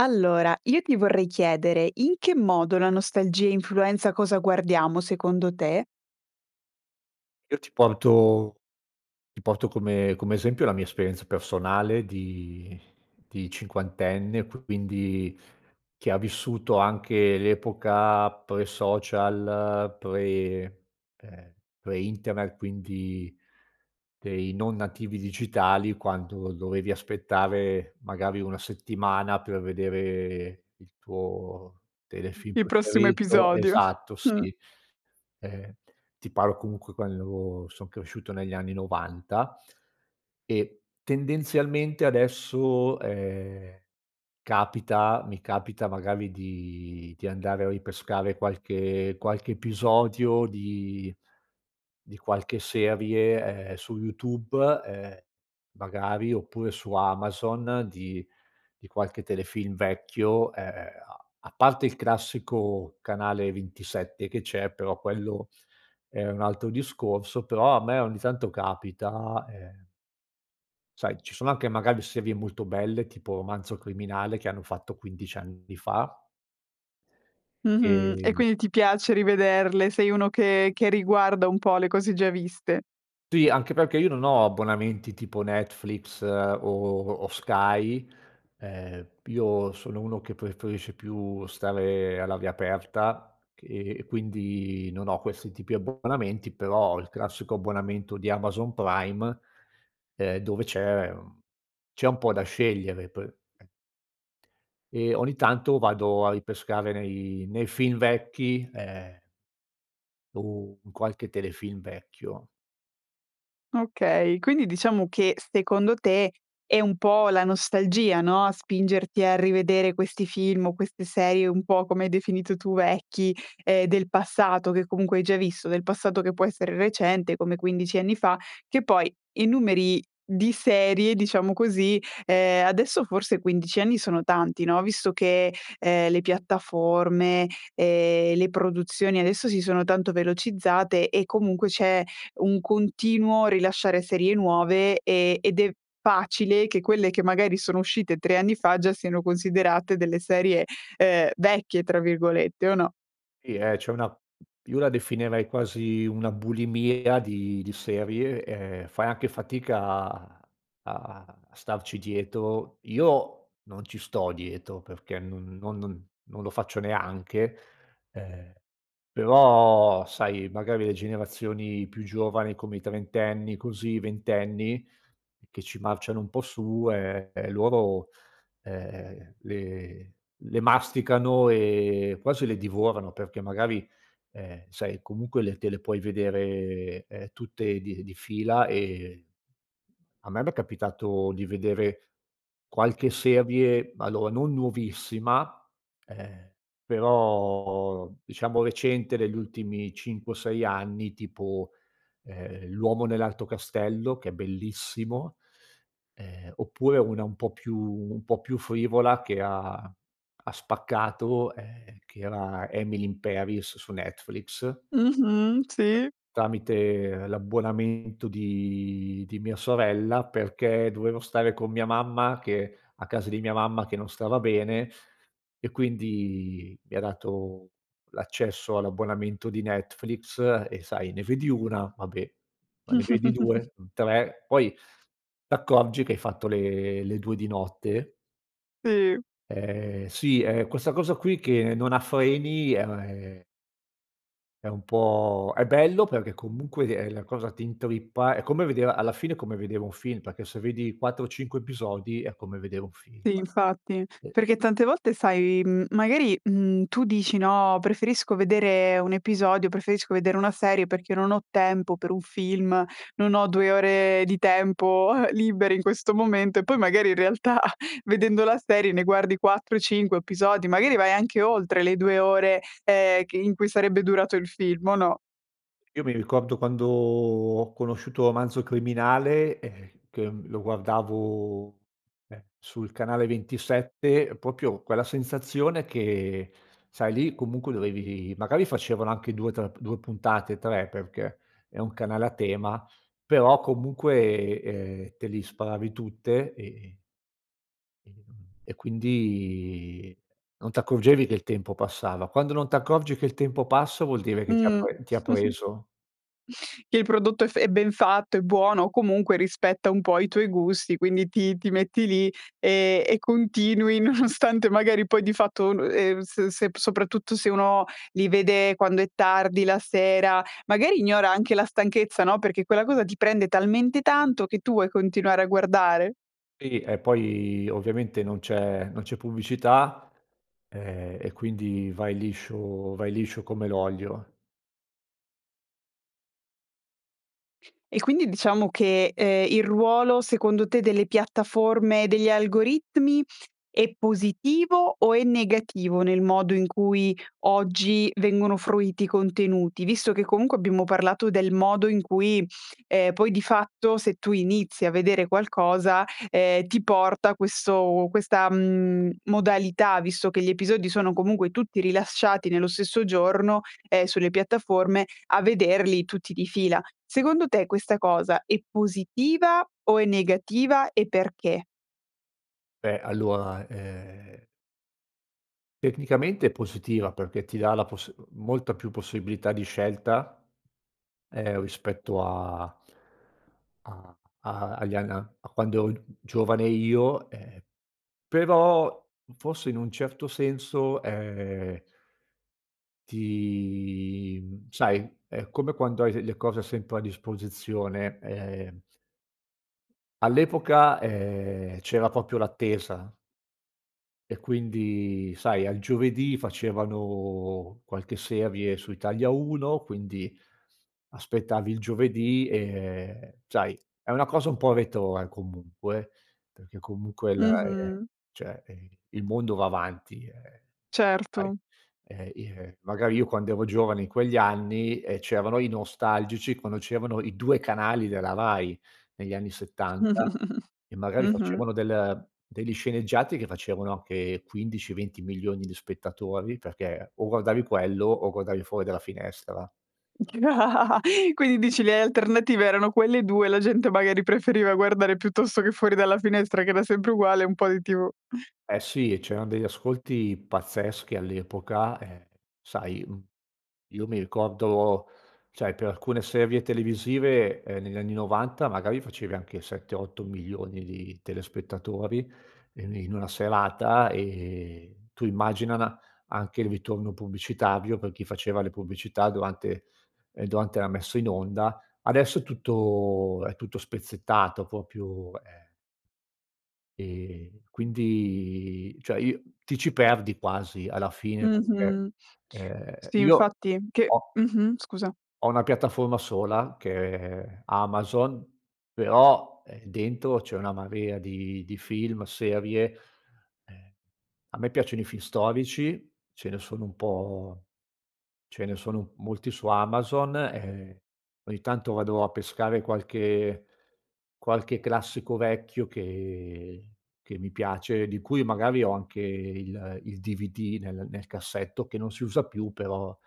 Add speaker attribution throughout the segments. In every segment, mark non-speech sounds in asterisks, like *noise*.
Speaker 1: Allora, io ti vorrei chiedere: in che modo la nostalgia influenza cosa guardiamo secondo te?
Speaker 2: Io ti porto ti porto come come esempio, la mia esperienza personale di di cinquantenne. Q quindi, che ha vissuto anche l'epoca pre social, pre ehm, pre internet, quindi dei non nativi digitali, quando dovevi aspettare magari 1 settimana, per vedere il tuo
Speaker 1: Mh,
Speaker 2: telefilm
Speaker 1: il prossimo
Speaker 2: preferito
Speaker 1: episodio,
Speaker 2: Esatto,
Speaker 1: mh.
Speaker 2: sì. Ehm, ti parlo comunque, quando io avevo son cresciuto negli anni 90, e tendenzialmente adesso, ehm, capita mi capita magari di di andare a ripescare qualche qualche episodio di di qualche serie, ehm, su YouTube, ehm, magari oppure su Amazon di di qualche telefilm vecchio, ehm, a a parte il classico canale 27 che c'è, però quello, è un altro discorso però, a me ogni tanto capita, ehm sai, ci sono anche magari serie molto belle, tipo Romanzo Criminale, che hanno fatto 15 anni fa
Speaker 1: Mh-mh. E
Speaker 2: ehm, boh.
Speaker 1: quindi, ti piace rivederle. Sei uno che che riguarda un po' le cose già viste.
Speaker 2: Tì, anche perché io non ho abbonamenti tipo Netflix o o Sky. Ehm, io sono uno che preferisce più stare all'aria aperta che e quindi, non ho questi tipi abbonamenti. Però ho il classico abbonamento di Amazon Prime, ehm, dove c'è, mhmm, c'è un po' da scegliere per ehm, ogni tanto vado a ripescare nei nei film vecchi, ehm o in qualche telefilm vecchio.
Speaker 1: Okay, quindi diciamo che secondo te, è un po' la nostalgia, no, a spingerti a rivedere questi film o queste serie, un po' come hai definito tu, vecchi, ehm, del passato, che comunque hai già visto. Del passato che può essere recente, come 15 anni fa. Che poi, i numeri di serie diciamo così, ehm, adesso forse 15 anni sono tanti, no, visto che, ehm, le piattaforme, ehm, le produzioni adesso si sono tanto velocizzate e comunque c'è un continuo rilasciare serie nuove, ehm, ed è facile che quelle che magari sono uscite 3 anni fa, già siano considerate delle serie, ehm, "vecchie" tra virgolette, o no?
Speaker 2: Sì, ehm, c'è una mhmm, io la definirei quasi una bulimia di di serie, ehm, fai anche fatica a a a starci dietro. Io, non ci sto dietro, perché n no non non lo faccio neanche ehm, però, sai, magari le generazioni più giovani, come i trentenni così i ventenni che ci marciano un po' su, ehm, e loro, ehm, le le masticano e quasi le divorano. Perché magari, ehm, sai, comunque le te le puoi vedere, ehm, tutte di di fila. Ehm, a me, m'è capitato di vedere qualche serie allora, non nuovissima, ehm, però diciamo recente degli ultimi 5 o 6 anni. Tipo: ehm, L'Uomo Nell'Alto Castello, che è bellissimo ehm, oppure una un po' più un po' più frivola che ha ha spaccato, ehm, che era, Emily In Paris, su Netflix
Speaker 1: Mh-mh, sì.
Speaker 2: tramite l'abbonamento di di mia sorella, perché dovevo stare con mia mamma che a casa di mia mamma che non stava bene. E quindi, mi ha dato l'accesso all'abbonamento di Netflix. E sai, ne vedi una, va beh, ma ne vedi
Speaker 1: *chuckles*
Speaker 2: 2-3, poi t'accorgi che hai fatto le le 2 di notte
Speaker 1: Sì.
Speaker 2: Ehm, sì. Ehm, questa cosa qui che non ha freni è è un po' è bello, perché comunque, ehm, la cosa ti intrippa. È come vedere alla fine è come vedere un film. Perché se vedi 4-5 episodi, è come vedere un film,
Speaker 1: Si, infatti.
Speaker 2: e
Speaker 1: Perché tante volte, sai, mhmm, magari, mhmm, tu dici, no: "Preferisco vedere un episodio preferisco vedere una serie, perché non ho tempo per un film, non ho 2 ore di tempo, eh, liberi in questo momento." E poi, magari in realtà, *chuckles* vedendo la serie ne guardi 4-5 episodi. Magari vai anche oltre le 2 ore, ehm, che in cui sarebbe durato il film, o no?
Speaker 2: Io mi ricordo, quando ho conosciuto Romanzo Criminale, ehm, che, mhmm, lo guardavo, ehm, sul canale 27, proprio quella sensazione che sai, lì comunque dovevi magari facevano anche 2 tr 2 puntate, 3, perché è un canale a tema. Però, comunque, ehm, te li sparavi tutte, ehm, ehm, e quindi, non t'accorgevi che il tempo passava. Quando non t'accorgi che il tempo passa, vuol dire che ti ha
Speaker 1: Mh.
Speaker 2: pre ti ha
Speaker 1: *chuckles*
Speaker 2: preso.
Speaker 1: Che il prodotto è f è ben fatto, è buono o comunque rispetta un po' i tuoi gusti. Quindi, ti ti metti lì, ehm, e continui nonostante magari poi di fatto un ehm, se se soprattutto se uno li vede quando è tardi la sera, magari ignora anche la stanchezza, no, perché quella cosa ti prende talmente tanto che tu vuoi continuare a guardare.
Speaker 2: Iri e poi ovviamente non c'è non c'è pubblicità, ehm, e quindi vai liscio vai liscio come l'olio.
Speaker 1: E quindi diciamo che, ehm, il ruolo secondo te delle piattaforme, degli algoritmi, è positivo o è negativo, nel modo in cui oggi vengono fruiti i contenuti? Visto che comunque, abbiamo parlato del modo in cui, ehm poi di fatto, se tu inizi a vedere qualcosa, ehm, ti porta questo questa, mhmm, modalità visto che gli episodi sono comunque tutti rilasciati nello stesso giorno, ehm, sulle piattaforme a vederli tutti di fila. Secondo te questa cosa è positiva o è negativa e perché?
Speaker 2: Beh, allora, ehm tecnicamente è positiva, perché ti dà la poss molta più possibilità di scelta, ehm, rispetto a a a agli ann a a quando ero gi giovane io. Ehm, però forse in un certo senso, ehm ti, mhmm sai, è come quando hai le le cose sempre a disposizione, ehm all'epoca, ehm, c'era proprio l'attesa e quindi, sai, al giovedì facevano qualche serie su Italia 1, quindi aspettavi il giovedì. Ehm, sai, è una cosa un po' retrò, eh, comunque. Perché comunque la ehm,
Speaker 1: Mh-mh.
Speaker 2: cioè, ehm, il mondo va avanti, ehm, sai
Speaker 1: Certo.
Speaker 2: ehm, i ehm, magari io, quando ero giovane, in quegli anni, ehm, c'erano i nostalgici, quando c'erano i 2 canali della Rai negli anni 70,
Speaker 1: *chuckles*
Speaker 2: e magari
Speaker 1: Mh-mh.
Speaker 2: facevano del degli sceneggiati che facevano anche 15-20.000.000 di spettatori. Perché, o guardavi quello, o guardavi fuori dalla finestra.
Speaker 1: *laughs* Quindi dici, le alternative erano quelle 2 e la gente magari preferiva guardare, piuttosto che fuori dalla finestra che era sempre uguale, un po' di tv. *chuckles*
Speaker 2: Eh, sì. C'erano degli ascolti pazzeschi all'epoca e, sai, m io mi ricordo sai, per alcune serie televisive, ehm, negli anni '90 magari facevi anche 7, 8.000.000 di telespettatori e ni in una serata, ehm, tu immagina anche il ritorno pubblicitario per chi faceva le pubblicità durante ehm, durante la messa in onda. Adesso è tutto è tutto spezzettato, proprio eh ehm, quindi cioè, io ti ci perdi quasi, alla fine, perché,
Speaker 1: Mh-mh.
Speaker 2: ehm,
Speaker 1: Sì,
Speaker 2: io
Speaker 1: infatti che
Speaker 2: ho
Speaker 1: mh-mh, scusa.
Speaker 2: ho una piattaforma sola che è è Amazon, però, ehm, dentro c'è una marea di di film, serie e a me piacciono i film storici, ce ne sono un po' ce ne sono molti su Amazon, e ogni tanto vado a pescare qualche qualche classico vecchio che che mi piace, di cui magari ho anche il il DVD nel nel cassetto, che non si usa più però,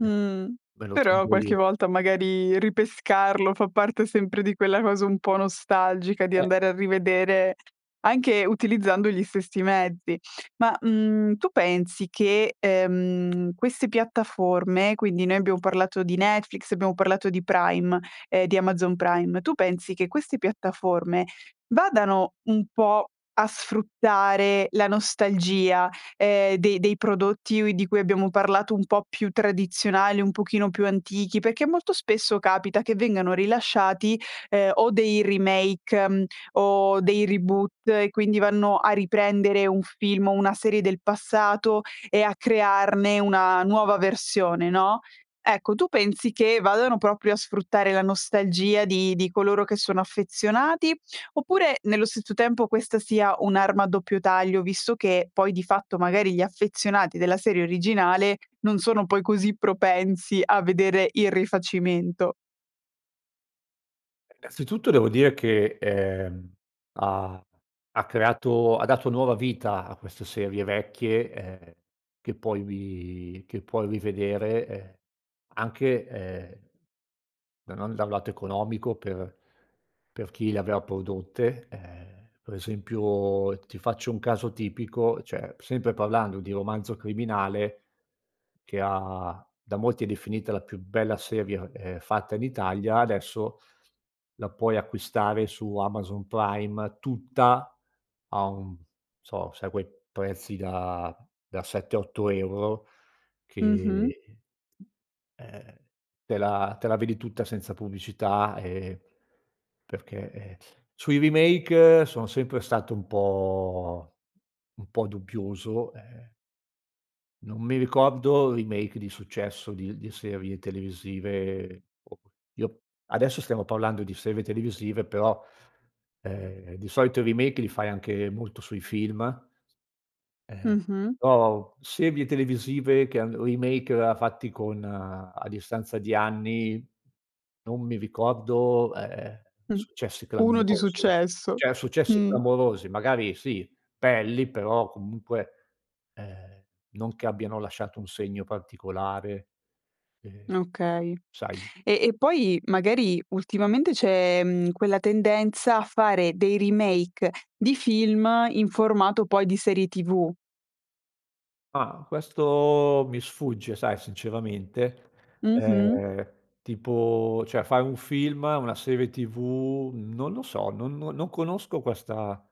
Speaker 2: ehm,
Speaker 1: Mh,
Speaker 2: me lo
Speaker 1: però
Speaker 2: tengo
Speaker 1: qualche
Speaker 2: lì.
Speaker 1: volta, magari, ripescarlo fa parte sempre di quella cosa un po' nostalgica di
Speaker 2: Eh
Speaker 1: andare a rivedere anche utilizzando gli stessi mezzi. Ma, mhmm, tu pensi che, ehm, queste piattaforme quindi, noi abbiamo parlato di Netflix, abbiamo parlato di Prime ehm, di Amazon Prime, tu pensi che queste piattaforme vadano un po' a sfruttare la nostalgia, ehm, dei dei prodotti ui di cui abbiamo parlato un po' più tradizionali, un pochino più antichi? Perché molto spesso, capita che vengano rilasciati, ehm, o dei remake, mhmm, o dei reboot, e quindi vanno a riprendere un film o una serie del passato, e a crearne una nuova versione, no, ecco tu pensi che vadano proprio a sfruttare la nostalgia di di coloro che sono affezionati? Oppure, nello stesso tempo questa sia un'arma a doppio taglio? Visto che poi, di fatto, magari gli affezionati della serie originale non sono poi così propensi a vedere il rifacimento.
Speaker 2: Ehm, innanzitutto devo dire che, ehm, ha ha creato ha dato nuova vita a queste serie vecchie, ehm, che puoi ri che puoi rivedere, ehm, anche, ehm, da non da un lato economico per per chi le aveva prodotte. Ehm, per esempio, ti faccio un caso tipico: cioè, p sempre parlando di Romanzo Criminale, che ha da molti è definita "la più bella seria, ehm, fatta in Italia" adesso la puoi acquistare su Amazon Prime tutta a un so, sai quei prezzi da da 7, 8 €
Speaker 1: Mh-mh.
Speaker 2: che, ehm, te la te la vedi tutta senza pubblicità, ehm, perché, ehm *sucks teeth* sui remake sono sempre stato un po' un po' dubbioso, ehm non mi ricordo remake di successo di l di serie televisive o que io adesso stiamo parlando di serve televisive però, ehm, di solito i remake li fai anche molto sui film, s ehm,
Speaker 1: Mh-mh.
Speaker 2: però u serie televisive che hanno remake a fatti con a distanza di anni, non mi ricordo, ehm,
Speaker 1: Mh,
Speaker 2: successi
Speaker 1: uno di
Speaker 2: clamorosi.
Speaker 1: successo.
Speaker 2: Cioè, successi
Speaker 1: Mh.
Speaker 2: clamorosi magari sì pelli però, comunque, ehm, non che abbiano lasciato un segno particolare, ehm,
Speaker 1: Okay.
Speaker 2: sai
Speaker 1: E e poi magari ultimamente c'è, mhmm, quella tendenza a fare dei remake di film in formato poi di serie TV.
Speaker 2: Ah, questo mi sfugge, sai, sinceramente.
Speaker 1: Mh-mh.
Speaker 2: Ehm, tipo cioè, fai un film, una serie tv, non lo so, non no non conosco questa,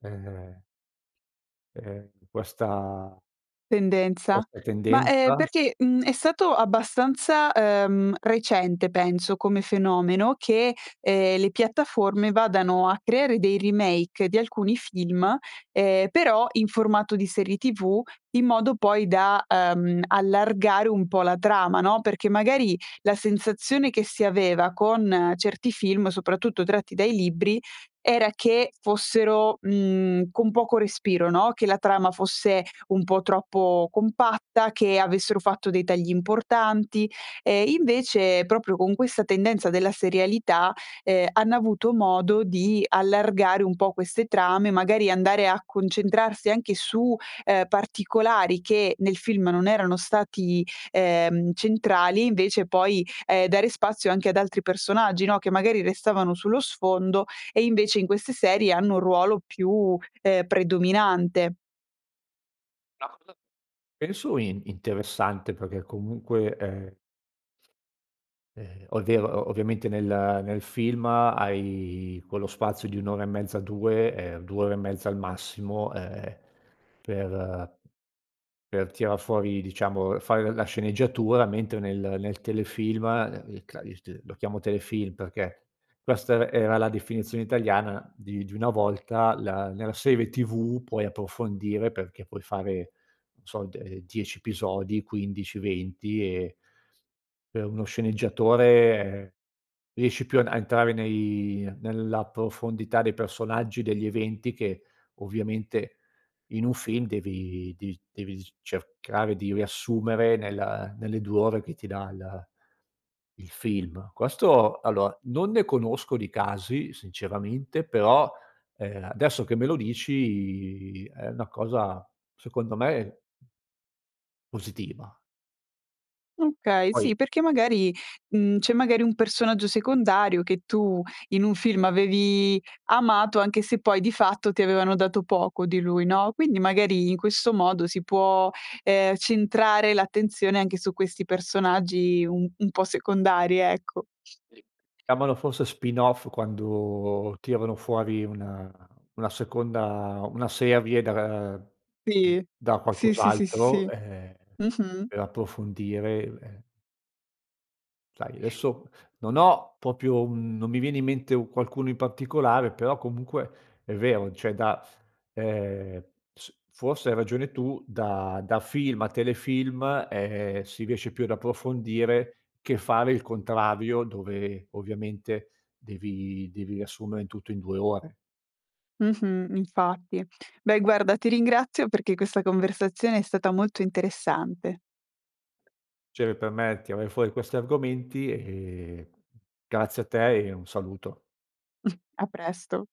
Speaker 2: ehm ehm, questa
Speaker 1: Tendenza?
Speaker 2: questa
Speaker 1: Ma, ehm,
Speaker 2: tendenza.
Speaker 1: perché, mhmm, è stato abbastanza, ehm, recente penso come fenomeno che, ehm, le piattaforme vadano a creare dei remake di alcuni film, ehm, però in formato di serie TV in modo poi da, ehm, allargare un po' la trama, no, perché magari la sensazione che si aveva con certi film, soprattutto tratti dai libri, era che fossero, mhmm, con poco respiro, no, che la trama fosse un po' troppo compatta, che avessero fatto dei tagli importanti, ehm, invece proprio con questa tendenza della serialità, ehm, hanno avuto modo di allargare un po' queste trame, magari andare a concentrarsi anche su, ehm, particolari che nel film non erano stati, ehm, centrali invece poi, ehm, dare spazio anche ad altri personaggi, no, che magari restavano sullo sfondo e invece in queste serie hanno un ruolo più, ehm, predominante.
Speaker 2: La cosa, penso, in interessante, perché comunque, ehm ehm, o è vero o ovviamente nel nel film hai quello spazio di 1 ora e mezza, 2 ehm, 2 ore e mezza al massimo, ehm, per per tirar fuori, diciamo, ehm, fare la sceneggiatura, mentre nel nel telefilm *unintelligible* il cla il t lo chiamo telefilm, perché questa er era la definizione italiana di di una volta la nella serie TV puoi approfondire perché puoi fare non so de ehm, 10 episodi, 15, 20 e per uno sceneggiatore riesci più an a entrare nei nella profondità dei personaggi, degli eventi che ovviamente in un film devi devi devi dic cercare di riassumere nella nelle 2 ore che ti dà il il film. Questo allora, non ne conosco di casi sinceramente, però, ehm, adesso che me lo dici è una cosa, secondo me positiva.
Speaker 1: Okay sì,
Speaker 2: Poi
Speaker 1: perché magari, mhmm, c'è magari un personaggio secondario che tu in un film avevi amato anche se poi, di fatto, ti avevano dato poco di lui, no, quindi magari in questo modo si può, ehm, centrare l'attenzione anche su questi personaggi un un po' secondari, ecco.
Speaker 2: *unintelligible* Chiamalo forse spin off quando tirano fuori una una seconda una serie da ra mhmm,
Speaker 1: Sì.
Speaker 2: da
Speaker 1: Si, sì, sì, sì,
Speaker 2: qualcos'altro,
Speaker 1: sì.
Speaker 2: ehm,
Speaker 1: Mh-mh.
Speaker 2: per approfondire u ehm Sai, adesso non ho proprio un non mi viene in mente u qualcuno in particolare, però comunque è vero, d cioè, da, ehm, s forse hai ragione tu, da da film a telefilm, ehm, si riesce più ad approfondire che fare il contrario dove, ovviamente, devi devi riassumere in tutto in 2 ore.
Speaker 1: Mh-mh, infatti. Beh guarda, ti ringrazio perché questa conversazione è stata molto interessante.
Speaker 2: Cere per me tirare fuori questi argomenti, ehm, grazie a te e un saluto.
Speaker 1: *chuckles* A presto.